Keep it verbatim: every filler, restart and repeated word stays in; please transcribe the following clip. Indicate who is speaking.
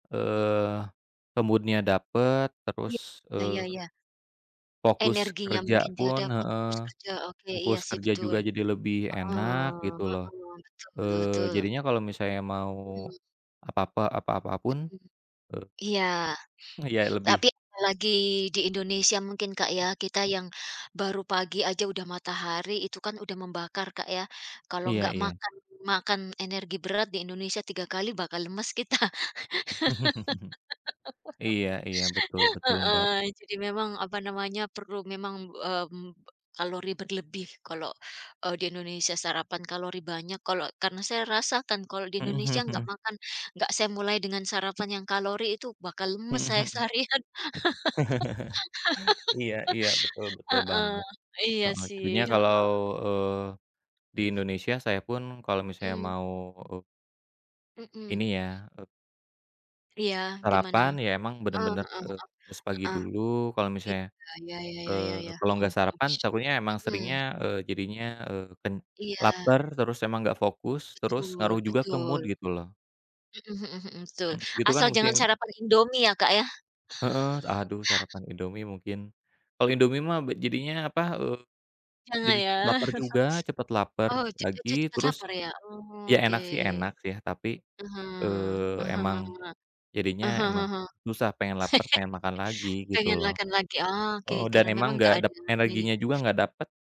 Speaker 1: Eee, ke mood-nya dapet,
Speaker 2: Ya
Speaker 1: terus,
Speaker 2: ya ya
Speaker 1: eee
Speaker 2: ya.
Speaker 1: Fokus
Speaker 2: Energinya
Speaker 1: kerja
Speaker 2: mungkin tidak
Speaker 1: pun
Speaker 2: dapat, fokus
Speaker 1: heeh,
Speaker 2: kerja oke iya
Speaker 1: fokus
Speaker 2: sih
Speaker 1: kerja
Speaker 2: betul.
Speaker 1: juga jadi lebih
Speaker 2: Heeh
Speaker 1: enak gitu loh,
Speaker 2: heeh, betul
Speaker 1: eee,
Speaker 2: betul.
Speaker 1: jadinya kalau misalnya mau
Speaker 2: Mhm.
Speaker 1: apa-apa apa-apa pun,
Speaker 2: Mhm.
Speaker 1: eee
Speaker 2: Iya,
Speaker 1: Ya lebih
Speaker 2: tapi lagi di Indonesia mungkin, Kak, ya kita yang baru pagi aja udah matahari itu kan udah membakar, Kak, ya kalau
Speaker 1: Iya
Speaker 2: nggak
Speaker 1: iya.
Speaker 2: makan makan energi berat di Indonesia tiga kali bakal lemes kita.
Speaker 1: Iya iya. Betul betul, Mbak.
Speaker 2: Heeh, jadi memang apa namanya perlu memang, mmm, kalori berlebih kalau, eee, di Indonesia sarapan kalori banyak kalau karena saya rasakan kalau di
Speaker 1: Mhm,
Speaker 2: Indonesia
Speaker 1: hmm,
Speaker 2: enggak
Speaker 1: mhm.
Speaker 2: makan, enggak saya mulai dengan sarapan yang kalori itu bakal lemes
Speaker 1: Mhm
Speaker 2: saya
Speaker 1: mhm.
Speaker 2: seharian.
Speaker 1: Iya iya, betul betul
Speaker 2: Heeh,
Speaker 1: banget.
Speaker 2: iya
Speaker 1: Heeh, jadinya
Speaker 2: sih,
Speaker 1: kalau,
Speaker 2: heeh.
Speaker 1: eee, di Indonesia saya pun kalau misalnya
Speaker 2: Mmm.
Speaker 1: mau, eee
Speaker 2: Mmm.
Speaker 1: ini ya, eee
Speaker 2: Iya gimana?
Speaker 1: sarapan ya emang
Speaker 2: Heeh
Speaker 1: bener-bener,
Speaker 2: heeh
Speaker 1: eee,
Speaker 2: heeh
Speaker 1: harus pagi
Speaker 2: heeh.
Speaker 1: dulu kalau misalnya
Speaker 2: Iya, ya ya ya ya ya.
Speaker 1: eee, kalau
Speaker 2: heeh
Speaker 1: enggak
Speaker 2: heeh,
Speaker 1: sarapan takutnya emang
Speaker 2: mhm.
Speaker 1: seringnya, eee, jadinya, eee, pen
Speaker 2: Iya.
Speaker 1: lapar terus emang gak fokus, terus
Speaker 2: Betul
Speaker 1: ngaruh juga ke
Speaker 2: betul.
Speaker 1: mood gitu loh.
Speaker 2: Mhm mhm mhm, betul
Speaker 1: Mmm. Gitu kan
Speaker 2: asal
Speaker 1: musim
Speaker 2: jangan sarapan Indomie ya, Kak, ya.
Speaker 1: Heeh, aduh sarapan Indomie mungkin. Kalau Indomie mah be jadinya apa, eee,
Speaker 2: Jangan
Speaker 1: jadi
Speaker 2: ya.
Speaker 1: cepet laper juga cepet lapar
Speaker 2: Oh jadi
Speaker 1: lagi.
Speaker 2: cepat
Speaker 1: Terus
Speaker 2: lapar ya. Oh
Speaker 1: ya
Speaker 2: oke.
Speaker 1: enak sih, enak ya. Tapi,
Speaker 2: Mhm
Speaker 1: eee,
Speaker 2: mhm
Speaker 1: emang
Speaker 2: mhm mhm.
Speaker 1: jadinya emang susah pengen lapar, pengen makan lagi gitu
Speaker 2: Pengen
Speaker 1: loh,
Speaker 2: makan lagi. Oh oke,
Speaker 1: eee, dan
Speaker 2: karena
Speaker 1: emang
Speaker 2: memang nggak
Speaker 1: nggak
Speaker 2: ada
Speaker 1: dep
Speaker 2: ya
Speaker 1: energinya juga
Speaker 2: ya.
Speaker 1: nggak dapet.